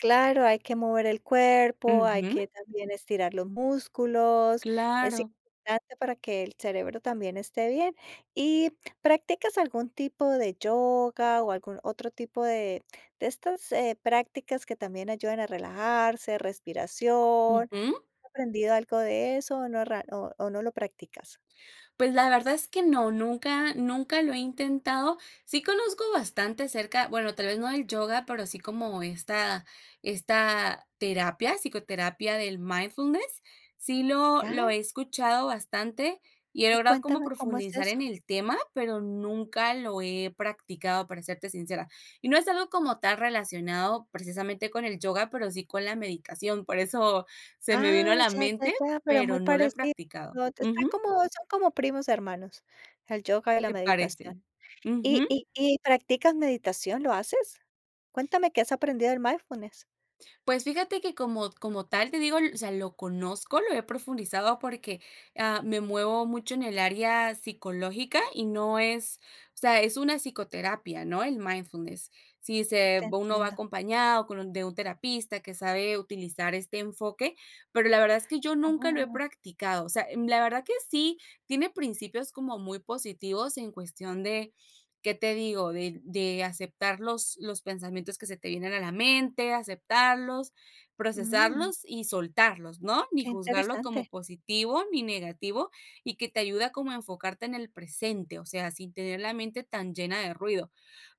Claro, hay que mover el cuerpo, hay Ujú. que también estirar los músculos. Es Claro. importante para que el cerebro también, esté bien. Y, ¿practicas algún tipo de yoga?, o algún otro tipo de de estas, eh, prácticas que también ayudan a relajarse, respiración. Ujú. ¿Has aprendido algo de eso, o no rea o o no lo practicas? Pues, la verdad es que no. Nunca nunca lo he intentado. Sí conozco bastante acerca bueno, tal vez no del yoga, pero sí como esta esta terapia, psicoterapia del mindfulness. Sí lo lo Ay. he escuchado bastante, y he Y, logrado como cuéntame, ¿cómo es profundizar en eso? el tema, pero nunca lo he practicado, para serte sincera. Y no es algo como tal, relacionado precisamente con el yoga, pero sí con la meditación, por eso se me vino a Ah, la ya, ya, mente. ya. Pero muy Pero no lo he parecido, practicado está Ujú. como son como primos hermanos, el yoga y la Se meditación. parecen. Y Ujú. y y, ¿practicas meditación, lo haces? Cuéntame qué has aprendido del mindfulness. Pues fíjate que, como como tal, te digo, o sea, lo conozco, lo he profundizado, porque, ah, me muevo mucho en el área psicológica, y no es o sea, es una psicoterapia, ¿no?, el mindfulness. Si se Te uno va entiendo. acompañado con un de un terapista, que sabe utilizar este enfoque. Pero la verdad, es que yo nunca lo he Oh. practicado. O sea, em, la verdad, que sí tiene principios como muy positivos, en cuestión de ¿qué te digo? De de aceptar los los pensamientos que se te vienen a la mente. Aceptarlos, Mm. procesarlos y soltarlos, ¿no? Ni Qué juzgarlo como interesante. positivo, ni negativo. Y que te ayuda como a enfocarte en el presente. O sea, sin tener la mente tan llena de ruido.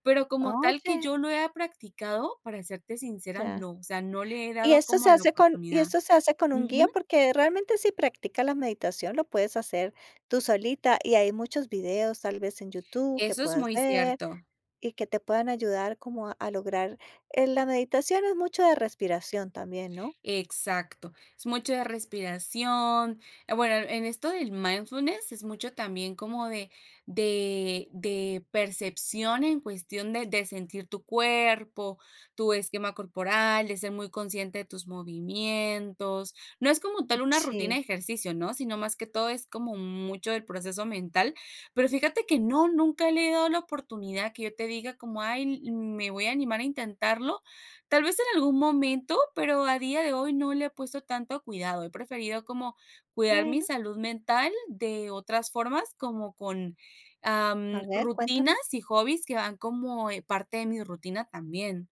Pero como tal, que Oye. yo lo haya practicado, para serte sincera, Ya. no. O sea, no le he Y dado esto se como la hace con ¿y oportunidad. esto se hace con un guía?, Ujú. porque realmente, si practicas la meditación, lo puedes hacer tú solita. Y hay muchos videos, tal vez, en YouTube, que Eso es puedas muy ver cierto. y que te puedan ayudar, como a lograr Eh, la meditación es mucho de respiración también, ¿no? Exacto. Es mucha respiración. Eh, bueno, en esto del mindfulness, es mucho también como de de de percepción, en cuestión de de sentir tu cuerpo, tu esquema corporal, de ser muy consciente de tus movimientos. No es como tal, una rutina Sí. de ejercicio, ¿no?, sino más que todo, es como mucho del proceso mental. Pero fíjate que no, nunca le he dado la oportunidad. Que yo te diga como: "Ay, me voy a animar a intentarlo". Tal vez en algún momento, pero al día de hoy, no le he puesto tanto cuidado. He preferido como cuidar mi Bueno. salud mental, de otras formas. Como con, A am, ver, rutinas cuéntame. y hobbies, que van como, eh, parte de mi rutina también.